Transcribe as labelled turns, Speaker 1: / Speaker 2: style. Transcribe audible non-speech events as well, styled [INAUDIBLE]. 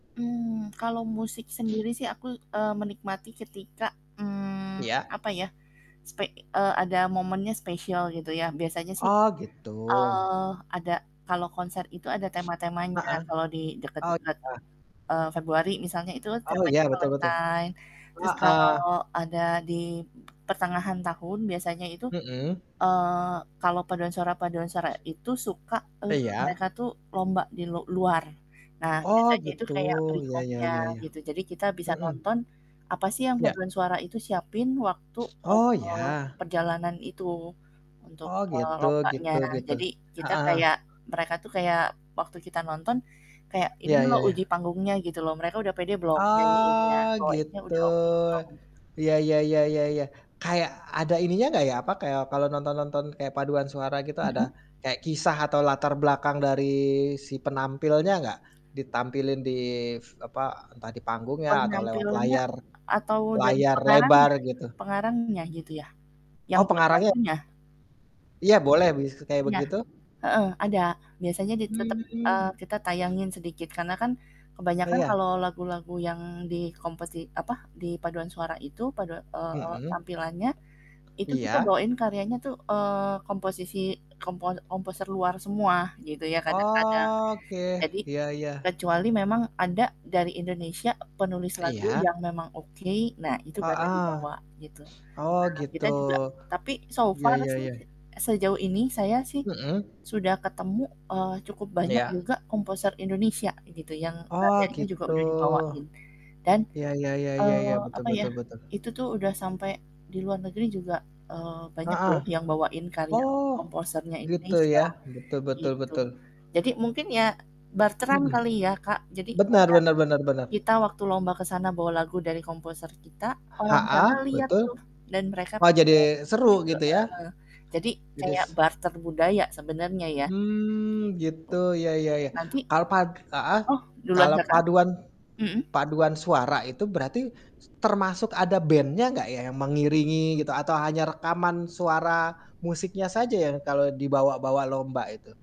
Speaker 1: Mmm, kalau musik
Speaker 2: [SNIFFS]
Speaker 1: sendiri sih aku, eee, menikmati ketika, mmm,
Speaker 2: Iya
Speaker 1: apa ya, spe eee, ada momennya spesial gitu ya, biasanya sih,
Speaker 2: Oh gitu.
Speaker 1: eee, ada kalau konser itu ada
Speaker 2: [SNIFFS]
Speaker 1: tema-temanya.
Speaker 2: Heeh,
Speaker 1: Kalau di
Speaker 2: oh
Speaker 1: deket-deket,
Speaker 2: iya?
Speaker 1: eee, Februari misalnya, itu
Speaker 2: Oh iya,
Speaker 1: temanya
Speaker 2: betul betul.
Speaker 1: Valentine, terus
Speaker 2: Heeh.
Speaker 1: kalau ada di pertengahan tahun biasanya itu,
Speaker 2: Mhm.
Speaker 1: eee, kalau paduan suara paduan suara,
Speaker 2: [SNIFFS]
Speaker 1: itu suka, eee,
Speaker 2: Iya.
Speaker 1: mereka tuh lomba di lu luar. Nah,
Speaker 2: Oh
Speaker 1: biasanya itu
Speaker 2: gitu,
Speaker 1: kayak
Speaker 2: ya ya
Speaker 1: perikomnya
Speaker 2: ya ya.
Speaker 1: gitu, jadi kita bisa
Speaker 2: Mhm.
Speaker 1: nonton, apa sih yang
Speaker 2: Ya.
Speaker 1: paduan suara itu siapin waktu,
Speaker 2: [SNIFFS] Oh
Speaker 1: eee,
Speaker 2: ya.
Speaker 1: perjalanan itu untuk,
Speaker 2: Oh
Speaker 1: eee,
Speaker 2: gitu
Speaker 1: lombanya.
Speaker 2: gitu gitu.
Speaker 1: Jadi
Speaker 2: Heeh
Speaker 1: kita
Speaker 2: heeh.
Speaker 1: kayak mereka tuh kayak, waktu kita nonton, kayak
Speaker 2: Iya
Speaker 1: ini
Speaker 2: ya
Speaker 1: loh uji
Speaker 2: ya.
Speaker 1: panggungnya gitu loh, mereka udah pede belum nyanyiinnya,
Speaker 2: Oh,
Speaker 1: bawainnya
Speaker 2: gitu.
Speaker 1: udah oke belum.
Speaker 2: Ya ya ya ya ya. Kayak, ada ininya nggak ya, apa, kayak kalau nonton nonton kayak paduan suara gitu ada
Speaker 1: Mhm.
Speaker 2: kayak kisah atau latar belakang dari si penampilnya nggak? Ditampilin di f apa, entah di panggungnya, atau lewat
Speaker 1: Penampilannya
Speaker 2: layar
Speaker 1: atau dari
Speaker 2: layar lebar
Speaker 1: pengarangnya
Speaker 2: gitu?
Speaker 1: pengarangnya gitu ya, yang
Speaker 2: Oh,
Speaker 1: buat
Speaker 2: pengarangnya?
Speaker 1: lagunya?
Speaker 2: Iya boleh, bis kayak
Speaker 1: Iya,
Speaker 2: begitu.
Speaker 1: heeh, ada biasanya di tetap,
Speaker 2: Mmm.
Speaker 1: eee, kita
Speaker 2: [SNIFFS]
Speaker 1: tayangin sedikit, karena kan
Speaker 2: Oh
Speaker 1: kebanyakan
Speaker 2: ya.
Speaker 1: kalau lagu-lagu yang di kompeti apa, di paduan suara itu padua eee,
Speaker 2: Mhm.
Speaker 1: tampilannya itu kita
Speaker 2: Iya.
Speaker 1: bawain karyanya tuh, eee, komposisi kompo komposer luar semua gitu ya, kadang-kadang
Speaker 2: Oke
Speaker 1: jadi
Speaker 2: iya iya.
Speaker 1: kecuali memang ada dari Indonesia penulis lagu
Speaker 2: Iya.
Speaker 1: yang memang oke, nah itu baru
Speaker 2: Heeh,
Speaker 1: dibawa gitu.
Speaker 2: [SNIFFS] oh
Speaker 1: Nah
Speaker 2: gitu.
Speaker 1: kita juga tapi so
Speaker 2: Iya
Speaker 1: far
Speaker 2: iya
Speaker 1: sih
Speaker 2: iya.
Speaker 1: sejauh ini saya sih
Speaker 2: Mhm.
Speaker 1: sudah ketemu, eee, cukup banyak
Speaker 2: Iya.
Speaker 1: juga komposer Indonesia gitu yang
Speaker 2: Oh
Speaker 1: karyanya juga
Speaker 2: gitu.
Speaker 1: udah dibawain, dan,
Speaker 2: Ya ya ya ya,
Speaker 1: eee,
Speaker 2: betul
Speaker 1: apa ya,
Speaker 2: betul betul.
Speaker 1: itu tuh udah sampai di luar negeri juga, eee, banyak
Speaker 2: Heeh,
Speaker 1: loh yang bawain karya
Speaker 2: Oh,
Speaker 1: komposernya
Speaker 2: gitu
Speaker 1: Indonesia
Speaker 2: ya, betul betul
Speaker 1: gitu,
Speaker 2: betul.
Speaker 1: jadi mungkin ya barteran
Speaker 2: Mhm.
Speaker 1: kali ya Kak, jadi
Speaker 2: Benar
Speaker 1: kayak
Speaker 2: benar benar benar.
Speaker 1: kita waktu lomba ke sana bawa lagu dari komposer kita, orang
Speaker 2: Heeh,
Speaker 1: sana liat
Speaker 2: betul.
Speaker 1: tuh dan mereka
Speaker 2: Wah jadi
Speaker 1: pengen
Speaker 2: seru
Speaker 1: begitu,
Speaker 2: gitu ya.
Speaker 1: heeh. Jadi
Speaker 2: Jadi s
Speaker 1: kayak barter budaya sebenarnya ya,
Speaker 2: Mmm, gitu,
Speaker 1: gitu.
Speaker 2: ya ya ya.
Speaker 1: Nanti
Speaker 2: Kal pad heeh,
Speaker 1: oh duluan
Speaker 2: kalau
Speaker 1: Kakak.
Speaker 2: paduan
Speaker 1: Mhm?
Speaker 2: paduan suara itu, berarti, s termasuk ada band-nya enggak ya, yang mengiringi gitu, atau hanya rekaman suara musiknya saja ya, kalau dibawa-bawa lomba itu?